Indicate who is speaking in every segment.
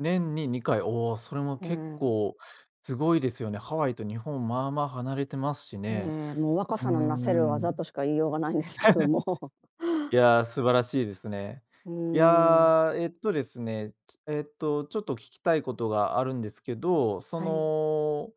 Speaker 1: 年に2回、おお、それも
Speaker 2: う
Speaker 1: 結
Speaker 2: ん。
Speaker 1: 構すごいですよね。ハワイと日本まあまあ離れてますし
Speaker 2: え
Speaker 1: ね。
Speaker 2: え、もう若
Speaker 1: うー
Speaker 2: さのなせる技
Speaker 1: ん。
Speaker 2: としか言いようがないんですけども。
Speaker 1: いや、素晴らしいですね。
Speaker 2: う
Speaker 1: い
Speaker 2: ーん。
Speaker 1: や、えっとですね、えっと、ちょっと聞きたいことがあるんですけど、そ
Speaker 2: はい。
Speaker 1: の、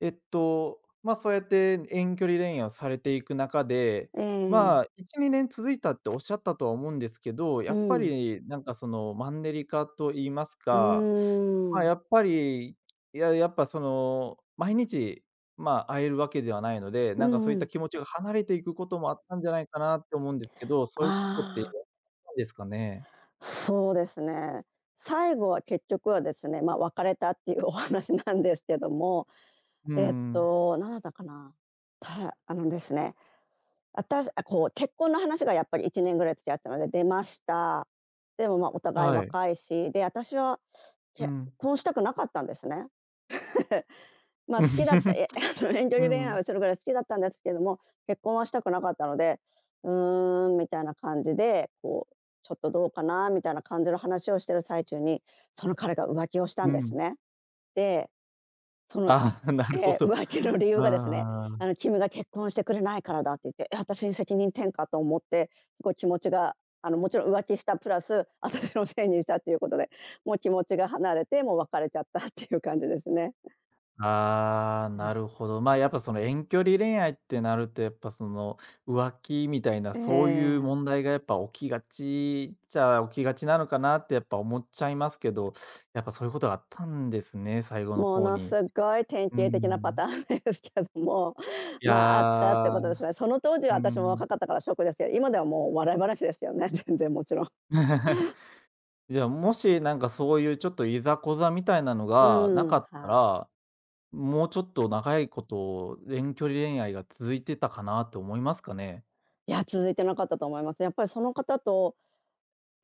Speaker 1: えっと、まあ、そうやって遠距離恋愛をされていく中で、
Speaker 2: え
Speaker 1: ま
Speaker 2: え。
Speaker 1: あ、1、2年続いたっておっしゃったとは思うんですけど、や
Speaker 2: う
Speaker 1: っぱ
Speaker 2: ん。
Speaker 1: りなんかその、マンネリ化と言います
Speaker 2: う
Speaker 1: か、
Speaker 2: ー
Speaker 1: ま、
Speaker 2: ん。
Speaker 1: やっぱり、いや、やっぱ、その、毎日まあ、会えるわけではないので、
Speaker 2: う
Speaker 1: なんかそ
Speaker 2: ん
Speaker 1: うい
Speaker 2: う
Speaker 1: った
Speaker 2: ん。
Speaker 1: 気持ちが離れていくこともあったんじゃないかなって思うんですけど、そういうことって、
Speaker 2: ああ。
Speaker 1: ないですかね？
Speaker 2: そうですね、最後は結局はですね、ま、別れたっていうお話なんですけども、
Speaker 1: う
Speaker 2: えっ
Speaker 1: んうん。
Speaker 2: となんだったかな、たあのですね。あたしあ、こう結婚の話がやっぱり1年ぐらい付き合ったので出ました。でも、ま、お互い
Speaker 1: はい。
Speaker 2: 若いし、で、私は
Speaker 1: う
Speaker 2: 結
Speaker 1: ん。
Speaker 2: 婚したくなかったんですね。ま、好きだっ いや、あの、遠距
Speaker 1: う
Speaker 2: 離恋愛
Speaker 1: ん。
Speaker 2: をするぐらい好きだったんですけども、結婚はしたくなかったので、うーん、みたいな感じで、こう、ちょっとどうかなみたいな感じの話をしてる最中に、その彼が浮気をした
Speaker 1: う
Speaker 2: んです
Speaker 1: ん。
Speaker 2: ね。で、その
Speaker 1: ああ、な
Speaker 2: え
Speaker 1: るほ
Speaker 2: え、
Speaker 1: ど。
Speaker 2: 浮気の理由がですね
Speaker 1: あ
Speaker 2: あ
Speaker 1: あ。
Speaker 2: の、君が結婚してくれないからだって言って、え、あたしに責任転嫁と思って、すごい気持ちがあの、もちろん浮気したプラス私のせいにしたっていうことで、もう気持ちが離れて、もう別れちゃったっていう感じですね。
Speaker 1: ああ、
Speaker 2: え
Speaker 1: な
Speaker 2: え。
Speaker 1: るほど、まあ、やっぱその遠距離恋愛ってなるとやっぱその、浮気みたいな
Speaker 2: え
Speaker 1: そういう
Speaker 2: え。
Speaker 1: 問題が、やっぱ起きがちっちゃ起きがちなのかなってやっぱ思っちゃいますけど、やっぱそういうことがあったんですね、最後の
Speaker 2: も
Speaker 1: 方
Speaker 2: のす
Speaker 1: に。
Speaker 2: ごい典
Speaker 1: う
Speaker 2: 型的なパタ
Speaker 1: ん。
Speaker 2: ーンですけども、
Speaker 1: い
Speaker 2: ま、あったって
Speaker 1: や、
Speaker 2: ことですね。その当時は
Speaker 1: う
Speaker 2: 私も
Speaker 1: ん。
Speaker 2: 若かったからショックですけど、今ではもう笑い話ですよね、全然もちろん。
Speaker 1: じゃ、もし、なんかそういうちょっといざこざみたいなの
Speaker 2: う
Speaker 1: がな
Speaker 2: ー
Speaker 1: か
Speaker 2: ん、
Speaker 1: った
Speaker 2: はい。
Speaker 1: ら、もうちょっと長いこと、遠距離恋愛が続いてたかなと思いますかね？
Speaker 2: いや、続いてなかったと思います。やっぱりその方と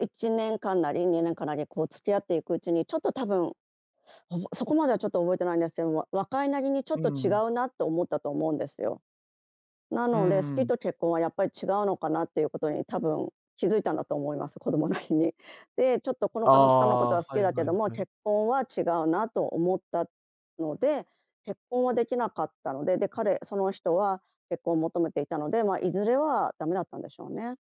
Speaker 2: 1年間なり、2年間なりこう付き合っていくうちに、ちょっとたぶん、おもそこまではちょっと覚えてないんですけど、わ若いなりにちょっ
Speaker 1: う
Speaker 2: と違
Speaker 1: ん。
Speaker 2: うなと思ったと思うんですよ。な
Speaker 1: う
Speaker 2: ので、好き
Speaker 1: ん。
Speaker 2: と結婚はやっぱり違うのかなっていうことに多分気づいたんだと思います、子供なりに。で、ちょっとこの
Speaker 1: あ
Speaker 2: 方のこ
Speaker 1: あ、
Speaker 2: とは
Speaker 1: は
Speaker 2: 好き
Speaker 1: い
Speaker 2: だけ
Speaker 1: はい、
Speaker 2: ども、
Speaker 1: はい。
Speaker 2: 結婚は違うなと思ったので、結婚はできなかったので、で彼その人は結婚を求めていたので、まあ、いずれはだめだったんでしょうね。